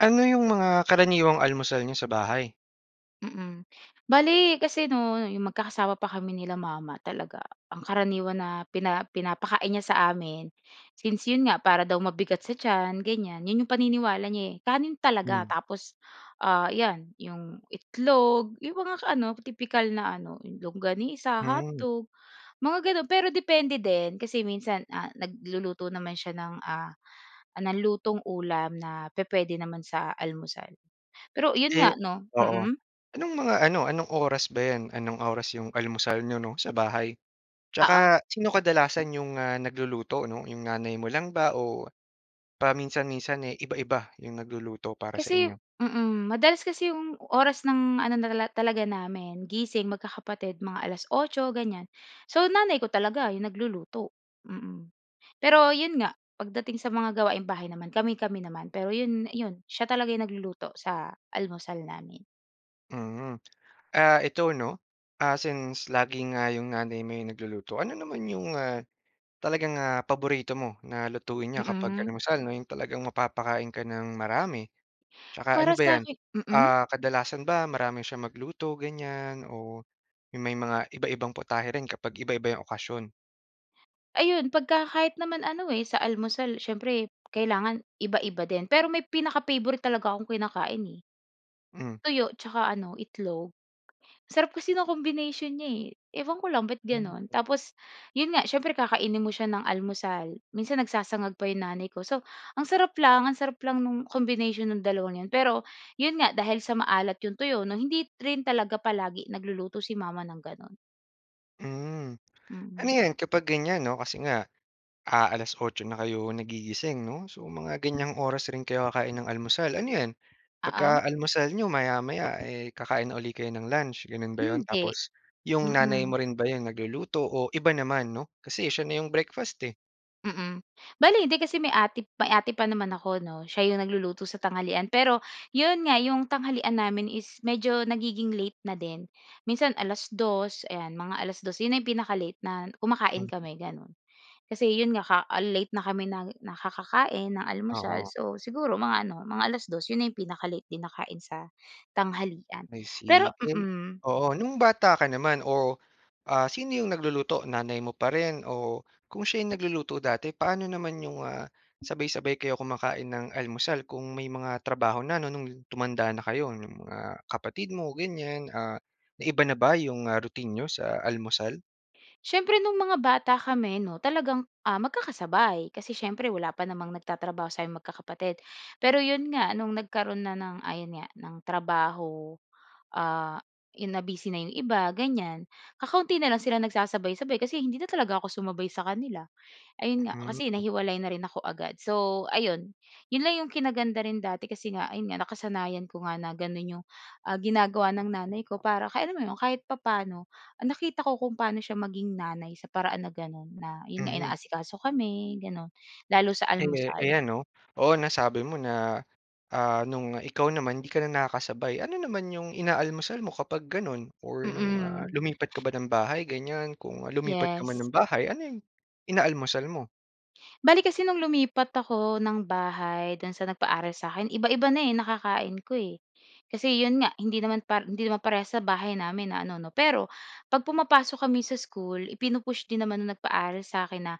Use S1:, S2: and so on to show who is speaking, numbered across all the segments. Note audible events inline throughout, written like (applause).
S1: Ano yung mga karaniwang almusal n'yo sa bahay?
S2: Mm. Bale kasi 'no 'yong magkakasama pa kami nila mama talaga, ang karaniwan na pina pinapakain niya sa amin, since 'yon nga para daw mabigat sa tiyan ganyan, 'yon 'yong paniniwala niya eh, kanin talaga
S1: Mm.
S2: tapos ah, iyan 'yong itlog, 'yong mga ka ano, tipikal na ano, yung longganisa,
S1: Hmm.
S2: hotdog, mga gano'n. Pero depende din kasi minsan ah nagluluto naman siya ng, ah, ng lutong ulam na pupuwede naman sa almusal. Pero 'yon
S1: Eh
S2: nga 'no,
S1: Oo.
S2: mm.
S1: Anong mga ano, anong oras ba 'yan? Anong oras 'yong almusal n'yo 'no sa bahay?
S2: Oo.
S1: Tsaka sino kadalasan 'yong, ah, nagluluto, 'no, 'yong nanay mo lang ba o paminsan-minsan eh, iba-iba 'yong nagluluto para sa
S2: Kasi
S1: inyo?
S2: mm, madalas kasi 'yong oras ng ano na nala talaga namin gising magkakapatid mga alas-otso ganyan. So nanay ko talaga 'yong nagluluto, mm. Pero 'yon nga, pagdating sa mga gawaing bahay naman kami-kami naman. Pero 'yon 'yon siya talaga nagluluto sa almusal namin.
S1: Mm. Ah, eto 'no ah, since lagi nga 'yong nanay mo 'yong nagluluto, ano naman 'yong, ah, talagang, ah, paborito mo na lutuin niya kapag
S2: Mm.
S1: almusal, 'no. 'Yong talagang mapapakain ka nang marami. Tsaka
S2: Para
S1: ano ba 'yan,
S2: sakin, mm.
S1: ah, kadalasan ba marami siyang magluto ganyan, o may mga iba-ibang putahe rin kapag iba-iba 'yong okasyon?
S2: Ayun pagka kahit naman ano eh sa almusal, siyempre kailangan iba-iba din. Pero may pinaka-favorite talaga akong kinakain eh.
S1: Hmm.
S2: Tuyo tsaka ano itlog. Ang sarap kasi 'nung combination niya eh. Ewan ko lang ba't gano'n, tapos 'yon nga siyempre kakainin mo siya ng almusal. Minsan nagsasangag pa 'yong nanay ko. So ang sarap lang ang sarap lang nung combination ng dalawa na 'yon pero, 'yon nga dahil sa maalat 'yong tuyo 'no, hindi rin talaga palagi nagluluto si mama ng gano'n.
S1: Hmm. Ano
S2: Mm.
S1: 'yan kapag ganyan 'no, kasi nga ah, alas-otso na kayo nagigising 'no, so mga ganyang oras rin kayo kakain ng almusal. Ano 'yan,
S2: Oo.
S1: pagka almusal n'yo maya-maya eh kakain na uli kayo ng lunch gano'n ba 'yon?
S2: Hindi,
S1: Tapos 'yong nanay
S2: mm.
S1: mo rin ba 'yong nagluluto o iba naman, 'no? Kasi siya na 'yong breakfast, eh.
S2: Mm, bale hindi kasi may ate may ate pa naman ako 'no. Siya 'yong nagluluto sa tanghalian. Pero 'yon nga 'yong tanghalian namin is medyo nagiging late na din. Minsan alas dos ayan, mga alas dos 'yon na 'yong pinaka-late na kumakain
S1: Mhm.
S2: kami gano'n. Kasi 'yon nga ka ah late na kami nang nakakakain ng almusal
S1: Oo.
S2: so siguro mga ano, mga alas dos 'yon ay pinaka-late din nakain sa tanghalian.
S1: I
S2: Pero
S1: see, eh
S2: mm.
S1: oo. Nung bata ka naman o, ah, sino 'yong nagluluto? Nanay mo pa rin o kung siya nagluluto dati, paano naman 'yong, ah, sabay-sabay kayo kumakain ng almusal kung may mga trabaho na 'no, no'ng tumanda na kayo ng mga kapatid mo ganyan. Ah, na iba na ba 'yong ah, routine n'yo sa almusal?
S2: Siyempre nung mga bata kami no, talagang ah magkakasabay kasi siyempre wala pa namang nagtatrabaho sa'ming magkakapatid. Pero 'yon nga no'ng nagkaroon na ng ayon nga ng trabaho, ah 'yon na-busy na 'yong iba ganyan, kakaunti na lang sila nagsasabay-sabay kasi hindi na talaga ako sumabay sa kanila. Ayun nga kasi
S1: Mhm.
S2: nahiwalay na rin ako agad so ayun. 'Yon lang 'yong kinaganda rin dati kasi nga ayun nga nakasanayan ko nga na gano'n 'yong ah, ginagawa ng nanay ko para kaya naman ano, kahit papaano ah nakita ko kung paano siya maging nanay sa paraan na gano'n na 'yon nga,
S1: Mhm.
S2: inaasikaso kami gano'n, lalo sa
S1: Eh,
S2: almusal.
S1: ayan 'no. Oo nasabi mo na ah, no'ng ikaw naman 'di ka na nakakasabay. Ano naman 'yong inaalmusal mo kapag gano'n or no'ng, ah,
S2: Mm.
S1: lumipat ka ba ng bahay ganyan? Kung lumipat ka man
S2: Yes.
S1: ng bahay ano 'yong inaalmusal mo?
S2: Bale, kasi no'ng lumipat ako ng bahay do'n sa nagpaaral sa'kin, iba-iba na eh nakakain ko eh. Kasi 'yon nga hindi naman par hindi naman parehas sa bahay namin na ano 'no. Pero 'pag pumapasok kami sa school ipinu-push din naman ng nagpaaral sa'kin na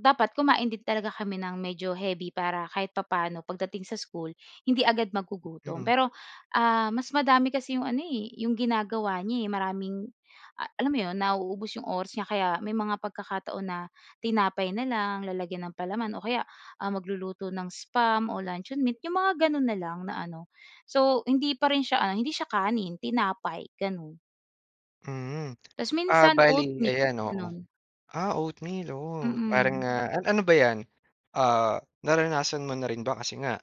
S2: dapat kumain din talaga kami ng medyo heavy, para kahit papaano pagdating sa school hindi agad magugutom.
S1: Mhm.
S2: Pero, ah, mas madami kasi 'yong ano eh 'yong ginagawa niya eh maraming, ah, alam mo 'yon, nauubos 'yong oras niya kaya may mga pagkakataon na tinapay na lang, lalagyan ng palaman o kaya, ah, magluluto ng spam o luncheon meat. 'Yong mga gano'n na lang na ano. So hindi pa rin siya, ah, hindi siya kanin, tinapay gano'n.
S1: Mhm.
S2: Tas
S1: Ah
S2: minsan
S1: bali
S2: oatmeal,
S1: ayan, oo.
S2: gano'n.
S1: Ah oatmeal. Oo parang
S2: Mm.
S1: ah, a ano ba 'yan, ah, naranasan mo na rin ba, kasi nga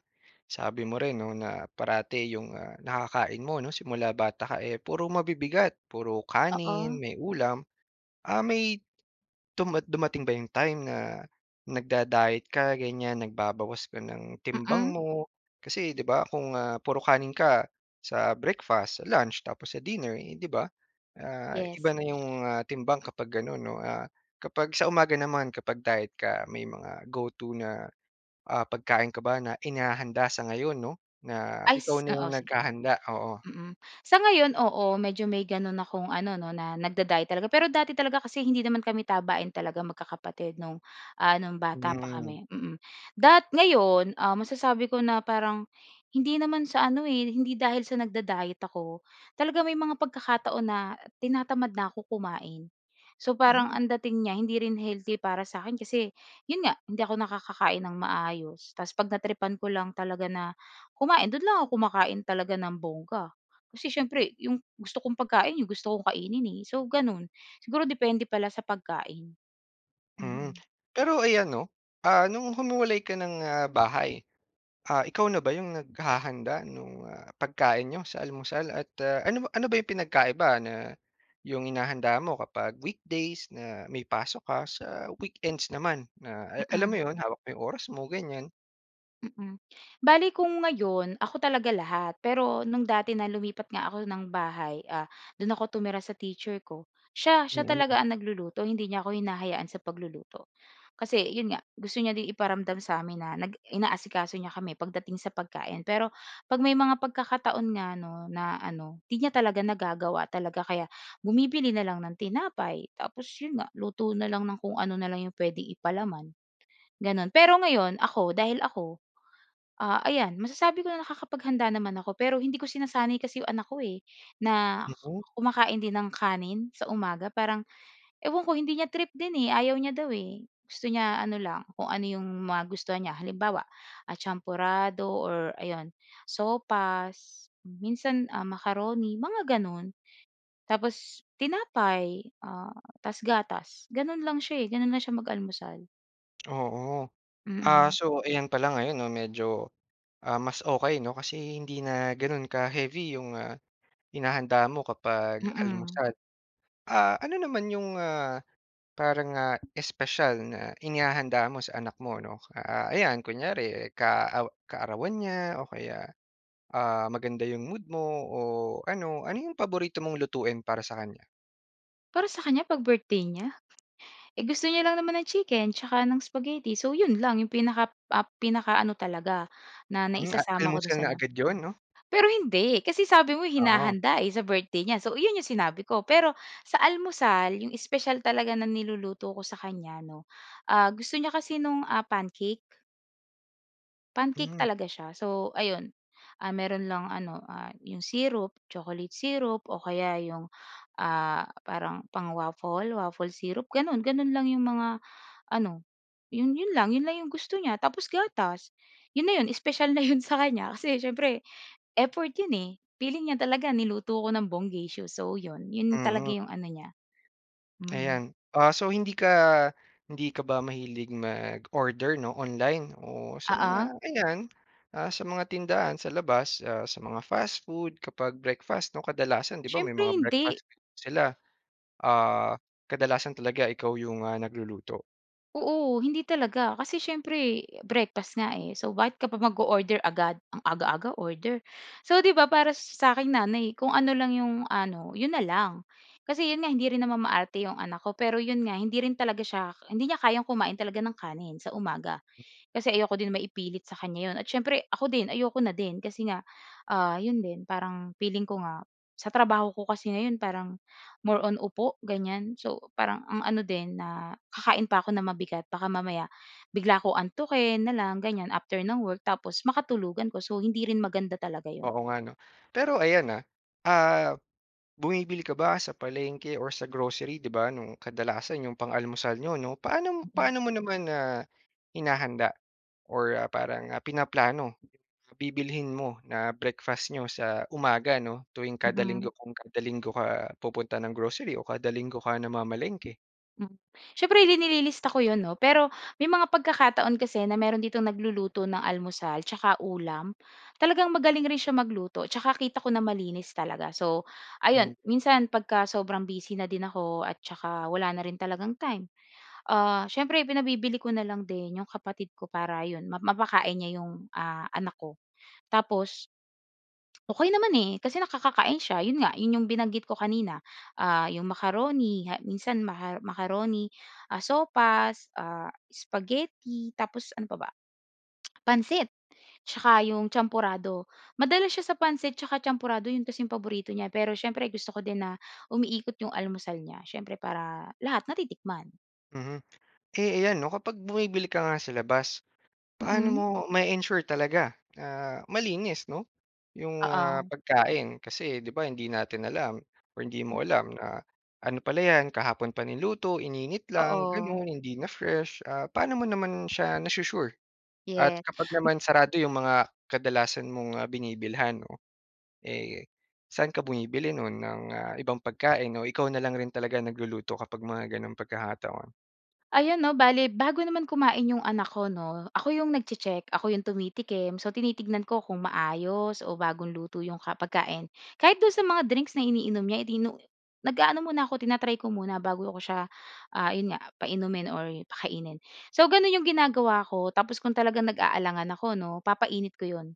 S1: sabi mo rin 'no na parati 'yong ah, nakakain mo 'no simula bata ka eh puro mabibigat, puro kanin,
S2: Oo.
S1: may ulam ah, may dumat dumating ba 'yong time na nag-da-diet ka ganyan nagbabawas ka ng timbang
S2: Mm.
S1: mo? Kasi 'di ba kung ah, puro kanin ka sa breakfast, sa lunch, tapos sa dinner eh 'di ba, ah iba
S2: Yes.
S1: na yung, ah, timbang kapag ganun 'no? Ah, kapag sa umaga naman kapag diet ka may mga go-to na ah pagkain ka ba na inahanda sa ngayon 'no, na
S2: Ay
S1: ikaw
S2: s
S1: na yung
S2: oo, sige.
S1: naghahanda? Oo.
S2: Mm. Sa ngayon oo, medyo may gano'n akong ano 'no na nagda-diet talaga. Pero dati talaga kasi hindi naman kami tabain talaga magkakapatid 'no, ah no'ng ano bata pa
S1: Hmm.
S2: kami, mm. Dat ngayon um, masasabi ko na parang hindi naman sa ano eh, hindi dahil sa nagda-diet ako. Talaga may mga pagkakataon na tinatamad na 'ko kumain. So parang
S1: Hmm.
S2: ang dating niya hindi rin healthy para sa'kin kasi 'yon nga hindi ako nakakakain nang maayos. Tas 'pag na-tripan ko lang talaga na kumain do'n lang ako kumakain talaga nang bongga. Kasi siyempre 'yong gusto kong pagkain 'yong gusto kong kainin eh, so gano'n. Siguro depende pala sa pagkain.
S1: Mm.
S2: Mm.
S1: Pero ayan 'no, ah no'ng humiwalay ka ng, ah, bahay, ah, ikaw na ba 'yong naghahanda nung, ah, pagkain n'yo sa almusal? At ah, ano ba ano ba 'yong pinagkaiba na 'yong hinahanda mo kapag weekdays na may pasok ka sa weekends naman na ala alam mo
S2: Mm.
S1: 'yon, hawak mo 'yong oras mo, ganyan?
S2: Mm. Bale kung ngayon ako talaga lahat. Pero no'ng dati na lumipat nga ako ng bahay, ah, do'n ako tumira sa teacher ko, siya, siya
S1: Mm.
S2: talaga ang nagluluto hindi niya ako hinahayaan sa pagluluto. Kasi 'yon nga, gusto niya din iparamdam sa amin na nag inaasikaso niya kami pagdating sa pagkain. Pero 'pag may mga pagkakataon nga na 'no na ano, 'di niya talaga nagagawa talaga kaya bumibili na lang ng tinapay, tapos 'yon nga luto na lang ng kung ano na lang 'yong puwedeng ipalaman. Gano'n. Pero ngayon ako dahil ako, ah, ayan masasabi ko na nakakapaghanda naman ako pero hindi ko sinasanay kasi 'yong anak ko eh, na
S1: Mhm.
S2: kumakain din ng kanin sa umaga. Parang ewan ko hindi niya trip din eh, ayaw niya daw eh. Gusto niya ano lang kung ano 'yong magustuhan niya halimbawa, ah, champorado or ayun sopas, minsan, ah, macaroni mga gano'n. Tapos tinapay ah, tas gatas. Gano'n lang siya eh, gano'n lang siya mag-almusal.
S1: Oo. Ah
S2: Mm.
S1: so ayan pala ngayon 'no medyo ah, mas okey 'no. Kasi hindi na ganun ka heavy 'yong ah, hinahanda mo kapag
S2: Mm.
S1: almusal. Ah, ano naman 'yong ah, parang ah, espesyal na inihahanda mo sa anak mo, 'no? Ah ayan kunyari eh ka aw kaarawan niya o kaya ah, maganda yung mood mo o ano, ano 'yong paborito mong lutuin para sa kanya?
S2: Para sa kanya 'pag birthday niya, eh, gusto niya lang naman ng chicken tsaka ng spaghetti. So yun lang yung pinaka ap pinakaano talaga na
S1: Hmm, ah
S2: naisasama ko dun
S1: almusal
S2: sa
S1: na
S2: ano.
S1: agad 'yon 'no?
S2: Pero hindi kasi sabi mo
S1: Oo.
S2: hinahanda eh sa birthday niya so yun yung sinabi ko. Pero sa almusal yung espesyal talaga na niluluto ko sa kanya 'no, ah gusto niya kasi nung ah, pancake. Pancake
S1: Hmm.
S2: talaga siya. So ayun ah, meron lang ano ah, 'yong syrup, chocolate syrup o kaya 'yong ah, parang pang-waffle, waffle syrup. Gano'n gano'n lang 'yong mga ano 'yon 'yon lang 'yon lang 'yong gusto niya tapos gatas 'yon na 'yon spesyal na 'yon sa kanya kasi siyempre, effort 'yon eh. Feeling niya talaga niluto ko ng bonggacious, so 'yon 'yon talaga
S1: Mm.
S2: 'yong ano niya. Mm.
S1: Ayan. Ah so hindi ka hindi ka ba mahilig mag-order 'no online o sa
S2: Oo.
S1: mga ayan, ah, sa mga tindahan sa labas ah, sa mga fast food kapag breakfast, 'no kadalasan 'di ba may
S2: Siyempre
S1: mga
S2: hindi.
S1: breakfast sila. Ah, kadalasan talaga ikaw 'yong, ah, nagluluto?
S2: Oo hindi talaga. Kasi siyempre breakfast nga eh, so bakit ka pa mag-o-order agad. Ang aga-aga order? So 'di ba para sa aking nanay kung ano lang 'yong ano, 'yon na lang. Kasi 'yon nga hindi rin naman maarte 'yong anak ko, pero 'yon nga hindi rin talaga siya hindi niya kayang kumain talaga ng kanin sa umaga. Kasi ayoko din maipilit sa kanya 'yon. At siyempre ako din ayoko na din kasi nga, ah, 'yon din, parang feeling ko nga sa trabaho ko kasi ngayon parang more on upo ganyan. So parang ang ano din na kakain pa ako na mabigat, baka mamaya bigla ko antukin na lang ganyan after ng work. Tapos makatulugan ko, so, hindi rin maganda talaga 'yon.
S1: Oo nga 'no. Pero ayan ah, ah bumibili ka ba sa palengke or sa grocery, 'di ba no'ng kadalasan 'yong pang-almusal n'yo 'no? Paano
S2: Mm.
S1: paano mo naman na hinahanda or ah, parang ah pinaplano? Bibilhin mo na breakfast n'yo sa umaga 'no tuwing kada linggo,
S2: Mm.
S1: kung kada linggo ka pupunta ng grocery o kada linggo ka namamalengke?
S2: Mm. Siyempre nililista ko 'yon 'no. Pero may mga pagkakataon kasi na meron ditong nagluluto ng almusal tsaka ulam. Talagang magaling rin siya magluto tsaka kita ko na malinis talaga. So ayun,
S1: Hmm.
S2: minsan pagka sobrang busy na din ako at saka wala na rin talagang time, ah, siyempre pinabibili ko na lang din 'yong kapatid ko para 'yon ma mapakain niya 'yong, ah, anak ko. Tapos okey naman eh kasi nakakakain siya, yun nga yun yung binanggit ko kanina. Ah yung macaroni ha minsan maha macaroni, ah sopas, ah, spaghetti, tapos ano pa ba? (clicks tongue) Pansit. Tsaka yung champorado. Madalas siya sa pancit tsaka champorado yun kasi 'yong paborito niya pero siyempre gusto ko din na umiikot yung almusal niya. Siyempre para lahat natitikman.
S1: Mhm. Eh, iyan 'no kapag bumibili ka nga sa labas, paano mo
S2: Mm.
S1: ma-e-ensure talaga na malinis 'no 'yong ah
S2: Oo.
S1: pagkain? Kasi 'di ba hindi natin alam or hindi mo
S2: Mm
S1: alam na ano pala 'yan, kahapon pa niluto, ininit lang
S2: Oo.
S1: gano'n, hindi na fresh? Ah, paano mo naman siya na-su-sure? At
S2: Yeah.
S1: kapag
S2: M
S1: naman sarado 'yong mga kadalasan mong ah, binibilhan 'no, eh saan ka bumibili nun ng ah, ibang pagkain, o ikaw na lang rin talaga nagluluto kapag mga ganong pagkakataon?
S2: Ayan 'no bale bago naman kumain 'yong anak ko 'no, ako 'yong nagche-check, ako 'yong tumitikim. So tinitignan ko kung maayos o bagong luto 'yong ka pagkain. Kahit do'n sa mga drinks na iniinom niya eh di no nag-aano muna ako tina-try ko muna bago ako siya ah, ayun nga painumin or pakainin. So gano'n 'yong ginagawa ko tapos kung talagang nag-aalangan ako 'no, papainit ko 'yon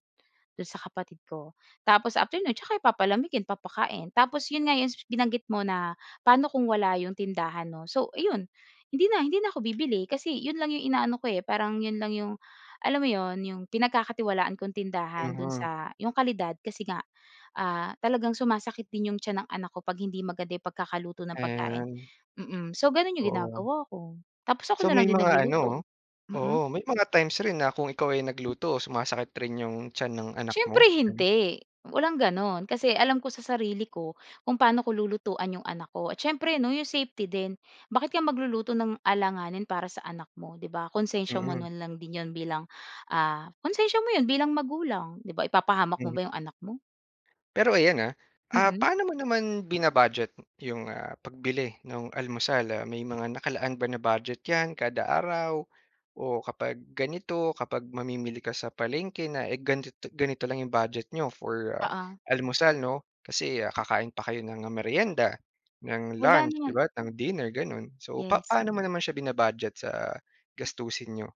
S2: do'n sa kapatid ko. Tapos after no'n tsaka i palamigin, ipapakain. Tapos 'yon nga 'yong binanggit mo na paano kung wala 'yong tindahan 'no. So ayun hindi na, hindi na ako bibili kasi 'yon lang 'yong inaano ko eh, parang 'yon lang 'yong alam mo 'yon, 'yong pinagkakatiwalaan kong tindahan do'n
S1: Mhm.
S2: sa 'yong kalidad kasi nga ah, talagang sumasakit din 'yong tiyan ng anak ko 'pag hindi maganda yung pagkakaluto ng pagkain.
S1: Ayan.
S2: Mm, so gano'n 'yong
S1: Oo.
S2: ginagawa ko. Tapos ako
S1: So
S2: na
S1: may
S2: lang din
S1: mga ano
S2: nagluluto. Mm.
S1: oh, oo may mga times rin na kung ikaw ay nagluto sumasakit rin 'yong tiyan ng anak
S2: Siyempre
S1: mo ganun?
S2: hindi. Walang gano'n, kasi alam ko sa sarili ko kung paano ko lulutuan 'yong anak ko, at siyempre 'no 'yong safety din. Bakit ka magluluto ng alanganin para sa anak mo 'di ba, konsensiya mo
S1: Mm.
S2: na lang din 'yon bilang ah, konsensiya mo 'yon bilang magulang, 'di ba? Ipapahamak mo
S1: Mhm.
S2: ba 'yong anak mo?
S1: Pero ayan ah. Ah
S2: Mm.
S1: paano mo naman bina-budget 'yong ah, pagbili nung almusal? Ah, may mga nakalaan ba na budget 'yan kada araw? O kapag ganito, kapag mamimili ka sa palengke na eh ganto to ganito lang 'yong budget niyo for
S2: Oo.
S1: almusal 'no? Kasi ah, kakain pa kayo ng ah, merienda, ng
S2: Wala
S1: lunch 'di
S2: naman.
S1: ba, ng dinner gano'n. So
S2: Yes.
S1: papaano mo naman siya bina-budget sa gastusin n'yo?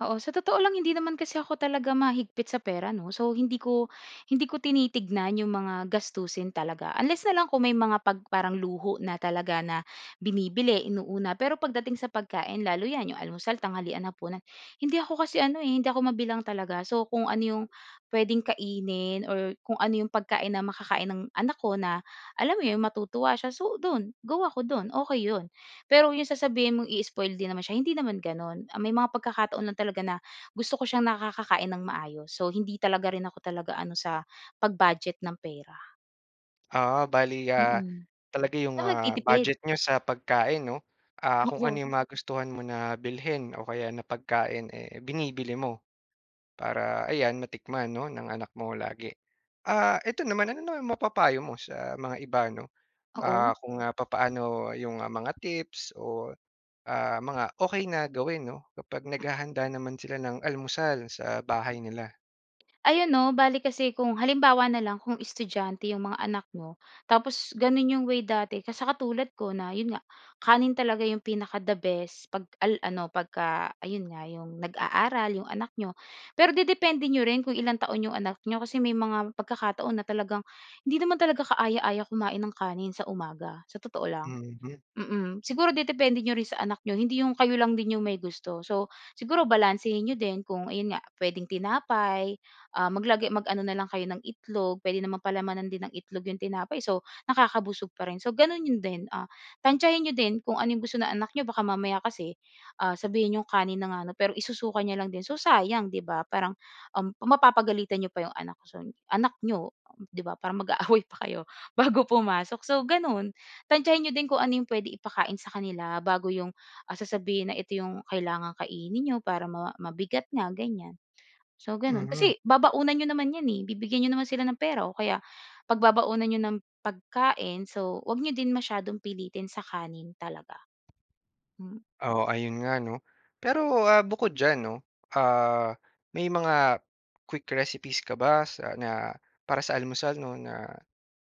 S2: Oo, sa totoo lang hindi naman kasi ako talaga mahigpit sa pera 'no. So hindi ko hindi ko tinitignan 'yong mga gastusin talaga unless na lang kung may mga 'pag parang luho na talaga na binibili, inuuna. Pero pagdating sa pagkain lalo yan 'yong almusal, tanghalian, hapunan, hindi ako kasi ano eh, hindi ako mabilang talaga. So kung ano 'yong pwedeng kainin or kung ano yung pagkain na makakain ng anak ko na alam mo yun, matutuwa siya, so dun. Go ako dun. Okey yun. Pero yung sasabihin mong ii-spoil din naman siya hindi naman ganun. Ah may mga pagkakataon lang talaga na gusto ko siyang nakakakain ng maayos. So hindi talaga rin ako talaga ano sa pag-budget ng pera.
S1: Ah, bale ah,
S2: Mm,
S1: talaga 'yong
S2: so
S1: ah
S2: magtitipid?
S1: budget n'yo sa pagkain 'no, ah
S2: Ah
S1: kung ano
S2: so
S1: 'yong magustuhan mo na bilhin o kaya na pagkain eh binibili mo. Para ayan matikman no ng anak mo lagi. Ah eto naman ano naman mapapayo mo sa mga iba 'no,
S2: Oo.
S1: ah, kung papaano 'yong ah, mga tips o ah mga okey na gawin 'no kapag naghahanda naman sila ng almusal sa bahay nila?
S2: Ayan, no. Bale kasi kung halimbawa na lang kung estudyante 'yong mga anak mo, tapos gano'n 'yong way dati ka sa katulad ko na 'yon nga kanin talaga 'yong pinaka-da-best, pag al ano pagka ayun nga 'yong nag-aaral 'yong anak n'yo. Pero dedepende n'yo rin kung ilang taon 'yong anak n'yo kasi may mga pagkakataon na talagang hindi naman talaga kaaya-aya kumain ng kanin sa umaga, sa totoo lang.
S1: Mhm.
S2: Mm. Siguro dedepende n'yo rin sa anak n'yo hindi 'yong kayo lang din 'yong may gusto. So siguro balansehin n'yo din kung ayon nga, puwedeng tinapay, ah, maglagay mag-ano na lang kayo ng itlog. Puwede naman palamanan din ng itlog 'yong tinapay, so nakakabusog pa rin, so gano'n 'yon din. Ah tantsahin n'yo din kung ano 'yong gusto ng anak n'yo, baka mamaya kasi, ah, sabihin n'yong kanin na nga ano, pero isusuka niya lang din. So sayang 'di ba? Parang um, mapapagalitan n'yo pa 'yong anak siyo, anak n'yo um, 'di ba? Parang mag-aaway pa kayo bago pumasok. So gano'n tantsahin n'yo din kung ano 'yong puwede ipakain sa kanila bago 'yong, ah, sasabihin na ito 'yong kailangang kainin n'yo para ma mabigat nga ganyan. So, gano'n
S1: Mhm.
S2: kasi babaunan n'yo naman 'yan eh, bibigyan n'yo naman sila ng pera o kaya pagbabaunan n'yo ng pagkain. So 'wag n'yo din masyadong pilitin sa kanin talaga, Mm.
S1: Oo ayun nga 'no. Pero ah bukod diyan 'no, ah may mga quick recipes ka ba sa na para sa almusal 'no, na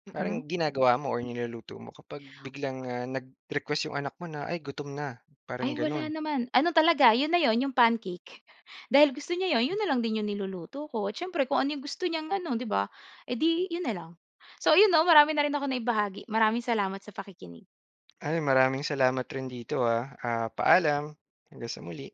S2: Mm.
S1: parang ginagawa mo or niluluto mo kapag biglang ah nag-request 'yong anak mo na, ay gutom na parang
S2: Ay
S1: gano'n?
S2: wala naman. Ano talaga 'yon na 'yon 'yong pancake. Dahil gusto niya 'yon, 'yon na lang din 'yong niluluto ko, siyempre kung ano 'yong gusto niyang ano 'di ba, eh di 'yon na lang. So 'yon 'no, marami na rin akong naibahagi. Maraming salamat sa pakikinig.
S1: Ay maraming salamat rin dito, ah. Ah paalam. Hanggang sa muli.